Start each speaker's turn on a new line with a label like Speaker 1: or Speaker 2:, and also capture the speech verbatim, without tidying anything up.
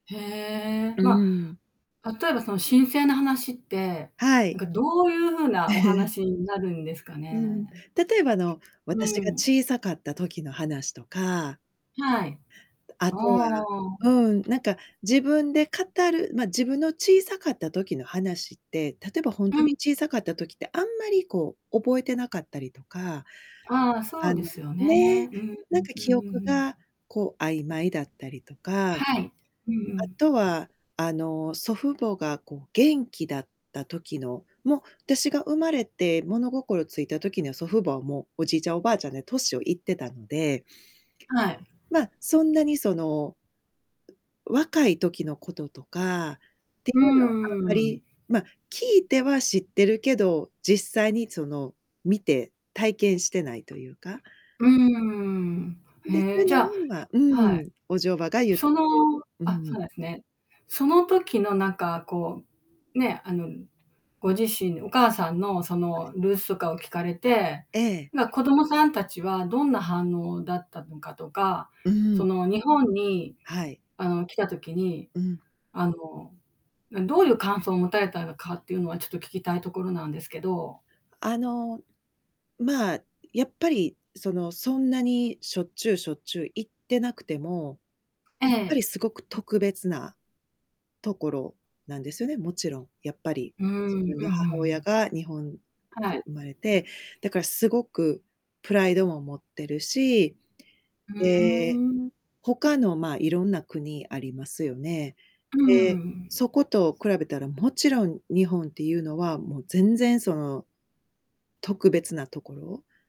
Speaker 1: へえ。
Speaker 2: う
Speaker 1: ま
Speaker 2: ーん。
Speaker 1: あ、例えば、そのしんせいな話って、
Speaker 2: は
Speaker 1: なん
Speaker 2: い。
Speaker 1: か、どういう風なお 話になるんですか
Speaker 2: うん。
Speaker 1: ね。
Speaker 2: 例えば、あの、
Speaker 1: うー
Speaker 2: 私が
Speaker 1: ん。
Speaker 2: 小さかった時の話とか
Speaker 1: はい。
Speaker 2: あ
Speaker 1: あ
Speaker 2: とは、
Speaker 1: あ。
Speaker 2: うーん、なんか、自分で語る、まあ、自分の小さかった時の話って、例えばほん
Speaker 1: う
Speaker 2: とに
Speaker 1: ん。
Speaker 2: 小さかった時って、あまり、こう、覚えてなかったりとか、
Speaker 1: ああ。そ
Speaker 2: あ
Speaker 1: うで
Speaker 2: の
Speaker 1: すよね。
Speaker 2: ね、
Speaker 1: うんう。
Speaker 2: なんか、
Speaker 1: うんう
Speaker 2: 記憶
Speaker 1: んうん。
Speaker 2: が、こう、曖昧だったりとか、あ
Speaker 1: はい。うんうん。
Speaker 2: とは、あの、祖父母が、こう、元気だった時の、もう私が生まれて、物心ついた時には、祖父母は、もう、おじいちゃんおばあちゃんで、年をいってたので
Speaker 1: はい。
Speaker 2: まあ、そんなに、その若い時のこととかてい
Speaker 1: う
Speaker 2: う
Speaker 1: ん
Speaker 2: の
Speaker 1: う
Speaker 2: は、あ
Speaker 1: んう
Speaker 2: ま
Speaker 1: んうん。
Speaker 2: り、まあ、聞いては知ってるけど、実際に、その、見て体験してないというか
Speaker 1: うーん。
Speaker 2: で、
Speaker 1: へえ、じゃあ
Speaker 2: [unintelligible] う
Speaker 1: はい。
Speaker 2: ん、おじょばが言って
Speaker 1: その
Speaker 2: くれるう
Speaker 1: あ、そう
Speaker 2: ん。
Speaker 1: なんですね。その時の、なんか、こう、ね、あの、ご自身、お母さんのそ
Speaker 2: はい。
Speaker 1: のルースとかを聞かれて、
Speaker 2: ええ。
Speaker 1: まあ、子供さん達はどんな反応だったのかとか、
Speaker 2: うー
Speaker 1: そ
Speaker 2: ん。
Speaker 1: の日本に、
Speaker 2: はい。
Speaker 1: あの、来た時に、
Speaker 2: うん。
Speaker 1: あの、どういう感想を持たれたのかっていうのは、ちょっと聞きたいところなんですけど。
Speaker 2: あの、まあ、やっぱり、その、そんなに、しょっちゅうしょっちゅう行ってなくても、
Speaker 1: え
Speaker 2: やっぱり、
Speaker 1: え。
Speaker 2: すごく特別なところなんですよね。もちろん、やっぱり、
Speaker 1: うーん。
Speaker 2: 自
Speaker 1: うん
Speaker 2: 分
Speaker 1: うん
Speaker 2: の
Speaker 1: う
Speaker 2: 母親
Speaker 1: ん。
Speaker 2: が日本で
Speaker 1: はい。
Speaker 2: 生まれて、だからすごくプライドも持ってるし、
Speaker 1: ふー
Speaker 2: ええ、
Speaker 1: ん。
Speaker 2: 他の、まあ、色々な国ありますよね。
Speaker 1: うー
Speaker 2: で、
Speaker 1: ん。
Speaker 2: そこと比べたら、もちろん日本っていうのは、もう、全然、その、特別なところ